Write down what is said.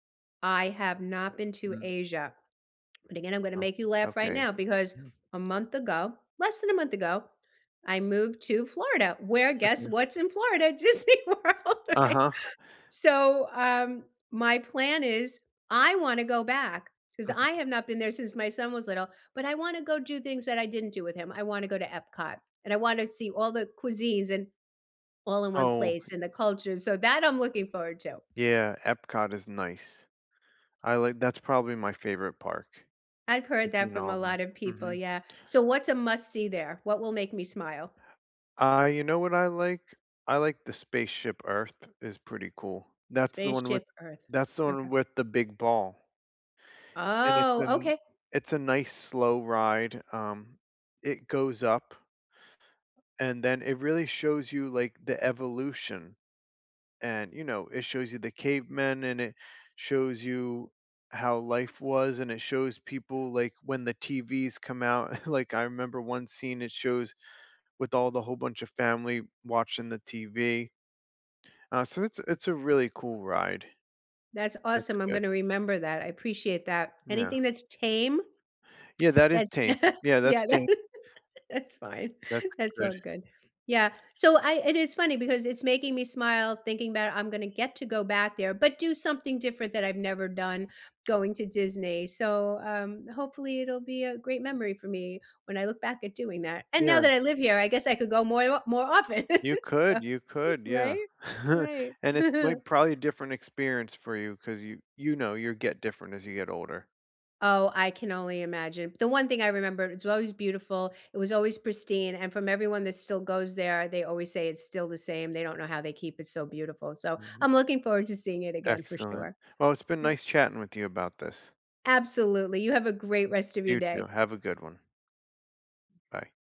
I have not been to Mm. Asia, but again, I'm gonna Uh, make you laugh right okay. now, because a month ago, less than a month ago, I moved to Florida, where guess [unintelligible] what's in Florida? Disney World, right? Uh-huh. So, um, my plan is I wanna go back, 'cause I Mhm. have not been there since my son was little, but I wanna go do things that I didn't do with him. I wanna go to Epcot, and I want to see all the cuisines in all in one Oh. place and the culture, so, that I'm looking forward to. Yeah, Epcot is nice. I like that's probably my favorite park, I've heard that between from all a of 'em. lotta people, Mhm. yeah. So what's a must-see there? What will make me smile? I You know what I like? I like the Spaceship Earth is pretty cool. That's the one with Spaceship Earth. that's the one Okay. with the big ball and it's a Oh, n okay. it's a nice slow ride, um, It goes up and then it really shows you, like, the evolution, and, you know, it shows you the cavemen and it shows you how life was and it shows people, like, when the TVs come out. Like, I remember one scene, it shows with all the whole bunch of family watching the TV. Uh, so, it's a it's a really cool ride. That's That's awesome, I'm good. gonna remember that, I appreciate that. Yeah. Anything that's tame? Yeah, that is That's tame. Yeah, that's Yeah, that tame. that's fine, That's that's good. all good. Yeah, so I it is funny because it's making me smile thinking 'bout I'm gonna get to go back there, but do something different that I've never done- going to Disney. So, um hopefully, it'll be a great memory for me when I look back at doing that. And now Yeah. that I live here, I guess I could go moi wa more often, You so could, you could, yeah. Right? Right. And it's my probably a different experience for you, 'cause you you know, you get different as you get older. Oh, I can only imagine. The one thing I remember, it's always beautiful, it was always pristine, and from everyone that still goes there, they always say it's still the same, they don't know how they keep it so beautiful, so, Mhm. I'm looking forward to seeing it again for Excellent. sure. Well, it's been Yep. nice chatting with you about this. Absolutely, you have a great rest of your You day. too, have a good one. Bye.